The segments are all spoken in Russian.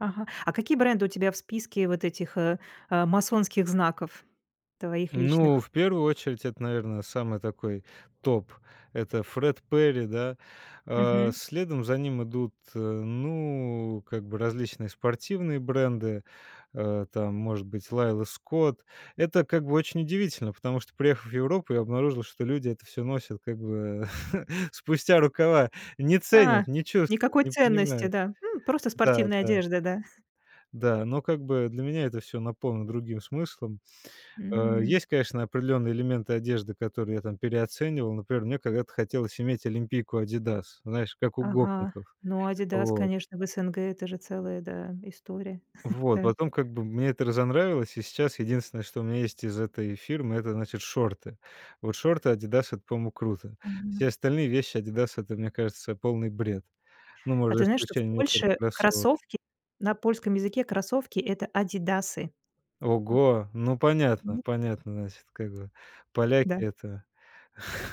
Ага. А какие бренды у тебя в списке вот этих, а, а, масонских знаков твоих Ну, личных? в первую очередь это, наверное, самый такой топ. Это Fred Perry, да. А Мгм. следом за ним идут ы ну, как бы различные спортивные бренды, э, там, может быть, Laila Scott. Это как бы очень удивительно, потому что, приехав в Европу, я обнаружил, что люди это всё носят как бы спустя рукава. Не А, ценят, не чувствуют, никакой не ценности, понимают. да? Ну, просто Да, спортивная да. одежда, да? Да, но как бы для меня это всё наполнено другим смыслом. Э, М. есть, конечно, определённые элементы одежды, которые я там переоценивал. Например, мне когда-то хотелось иметь олимпийку "Адидас", знаешь, как у Ага, гопников, ну, "Адидас", вот. конечно, в СНГ- это же целая, да, история, Вот, да. потом как бы мне это разонравилось, и сейчас единственное, что у меня есть из этой фирмы- это, значит, шорты. Вот шорты "Адидас"- это, по-моему, круто. Мгм. Все остальные вещи "Адидас"- это, мне кажется, полный бред. Ну, А может, за ты знаешь, что в исключение, некоторых Польше кроссовок. кроссовки на польском языке кроссовки- это adidasy? М? Ого, ну, понятно, М. понятно, значит, как бы поляки- Да. это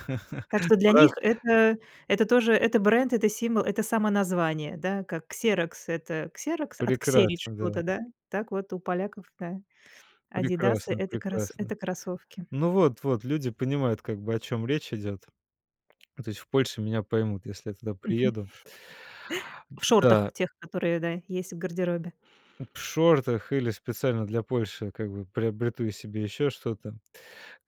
Так что для Брат. них это это тоже это бренд, это символ, это самоназвание, да. Как "Ксерокс"- это "Ксерокс", отксерить Прекрасно, да. чего-то, да, так вот у поляков, да, "Адидасы"- Прекрасно, это крос прекрасно. это кроссовки. Ну, вот вот люди понимают, как бы, о чём речь идёт. То есть в Польше меня поймут, если я туда Мгм. приеду. В Да. шортах тех, которые, да, есть в гардеробе. П в шортах или специально для Польши как бы приобрету себе ещё что-то.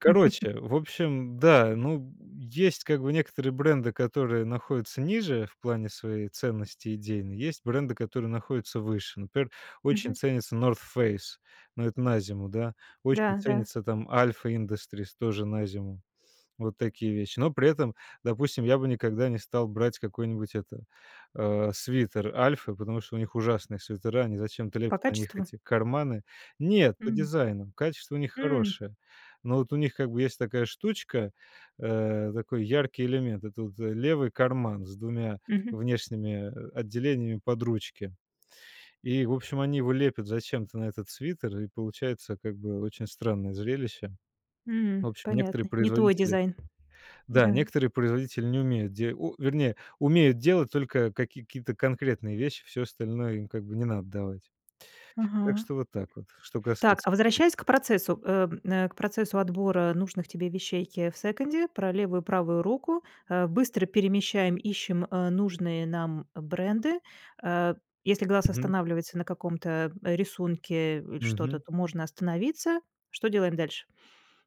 в общем, да, ну, есть как бы некоторые бренды, которые находятся ниже в плане своей ценности идейной, есть бренды, которые находятся выше. Например, очень Мгм. ценится North Face, но это на зиму, да. Очень Да, да. ценится там Alpha Industries, тоже на зиму. Вот такие вещи. Но при этом, допустим, я бы никогда не стал брать какой-нибудь, это, а, свитер "Альфы", потому что у них ужасные свитера, они зачем-то По лепят на них качеству? эти карманы? Нет, по М. дизайну. Качество у них М. хорошее. Но вот у них как бы есть такая штучка, э, такой яркий элемент, это вот левый карман с 2 Мгм. внешними отделениями под ручки, и, в общем, они его лепят зачем-то на этот свитер, и получается как бы очень странное зрелище. М. В общем, некоторые Понятно. Не твой производители дизайн. да, Да. некоторые производители не умеют де у вернее, умеют делать только какие-то конкретные вещи, всё остальное им, как бы, не надо давать. Так Ага. что вот так вот, что Так, касается а возвращаясь брендов. к процессу, э, м, э, к процессу отбора нужных тебе вещей, е в секонде, про левую и правую руку. Э, быстро перемещаем, ищем, э, нужные нам бренды. Э, если глаз Мгм. останавливается на каком-то рисунке или что-то, Мгм. то можно остановиться. Что делаем дальше?